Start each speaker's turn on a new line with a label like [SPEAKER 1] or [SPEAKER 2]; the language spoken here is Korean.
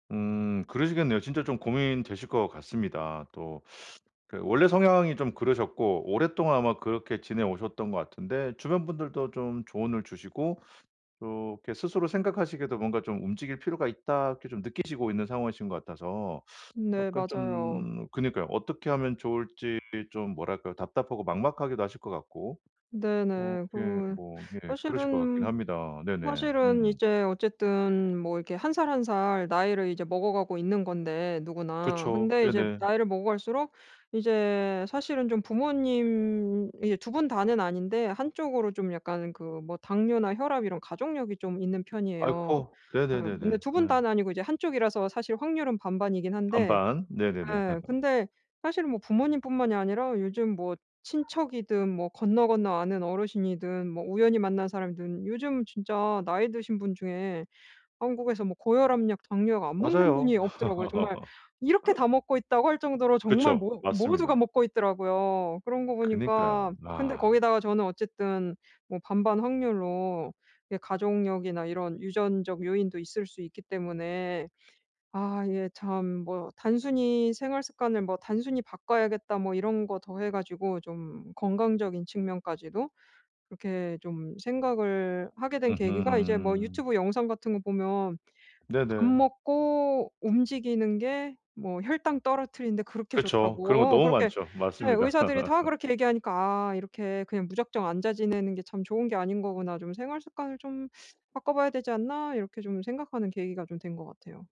[SPEAKER 1] 음 그러시겠네요. 진짜 좀 고민되실 것 같습니다. 또 그 원래 성향이 좀 그러셨고, 오랫동안 아마 그렇게 지내오셨던 것 같은데. 주변 분들도 좀 조언을 주시고 이렇게 스스로 생각하시기에도 뭔가 좀 '움직일 필요가 있다.' 이렇게 좀 느끼시고 있는 상황이신 것 같아서.
[SPEAKER 2] 네.
[SPEAKER 1] 약간
[SPEAKER 2] 맞아요.
[SPEAKER 1] 좀 그니까요. 어떻게 하면 좋을지 좀 뭐랄까요, 답답하고 막막하기도 하실 것 같고. 어
[SPEAKER 2] 네네.
[SPEAKER 1] 예.
[SPEAKER 2] 그리고
[SPEAKER 1] 뭐 예. 그러실 것 같긴
[SPEAKER 2] 사실은
[SPEAKER 1] 합니다. 네네.
[SPEAKER 2] 사실은
[SPEAKER 1] 음.
[SPEAKER 2] 이제 어쨌든 뭐 이렇게 1 살 1 살 나이를 이제 먹어가고 있는 건데 누구나.
[SPEAKER 1] 그쵸.
[SPEAKER 2] 근데 이제
[SPEAKER 1] 네네.
[SPEAKER 2] 나이를 먹어갈수록 이제 사실은 좀 부모님이 그 2 분 다는 아닌데 한쪽으로 좀 약간 그 뭐 당뇨나 혈압 이런 가족력이 좀 있는 편이에요.
[SPEAKER 1] 아이코.
[SPEAKER 2] 예. 근데
[SPEAKER 1] 네네네네.
[SPEAKER 2] 2 분
[SPEAKER 1] 음.
[SPEAKER 2] 다는 아니고 이제 1 쪽이라서 사실 확률은 반반이긴 한데
[SPEAKER 1] 반반. 네네네.
[SPEAKER 2] 예. 근데 사실은 뭐 부모님 뿐만이 아니라 요즘 뭐 친척이든 뭐 건너건너 아는 어르신이든 뭐 우연히 만난 사람이든 요즘 진짜 나이 드신 분 중에 한국에서 뭐 고혈압약, 당뇨약 안 먹는 분이
[SPEAKER 1] 맞아요.
[SPEAKER 2] 없더라고요. 정말 '이렇게 다 먹고 있다고?' 할 정도로 정말
[SPEAKER 1] 그쵸.
[SPEAKER 2] 모 모두가
[SPEAKER 1] 맞습니다.
[SPEAKER 2] 먹고 있더라고요. 그런 거
[SPEAKER 1] 그니까요.
[SPEAKER 2] 보니까 근데
[SPEAKER 1] 아.
[SPEAKER 2] 거기다가 저는 어쨌든 뭐 반반 확률로 이게 가족력이나 이런 유전적 요인도 있을 수 있기 때문에. 아 예. 참 뭐 단순히 '생활 습관을 뭐 단순히 바꿔야겠다.' 뭐 이런 거 더해 가지고 좀 건강적인 측면까지도 그렇게 좀 생각을 하게 된 계기가 이제 뭐
[SPEAKER 1] 으흠.
[SPEAKER 2] 유튜브 영상 같은 거 보면 "밥
[SPEAKER 1] 네네.
[SPEAKER 2] 먹고 움직이는 게 뭐 혈당 떨어뜨리는 데 그렇게
[SPEAKER 1] 그쵸. 그런 거
[SPEAKER 2] 좋다."고
[SPEAKER 1] 너무
[SPEAKER 2] 그렇게
[SPEAKER 1] 많죠.
[SPEAKER 2] 예,
[SPEAKER 1] 맞습니다.
[SPEAKER 2] 의사들이 다 그렇게 얘기하니까 '아 이렇게 그냥 무작정 앉아 지내는 게 참 좋은 게 아닌 거구나. 좀 생활 습관을 좀 바꿔봐야 되지 않나?' 이렇게 좀 생각하는 계기가 좀 된 것 같아요.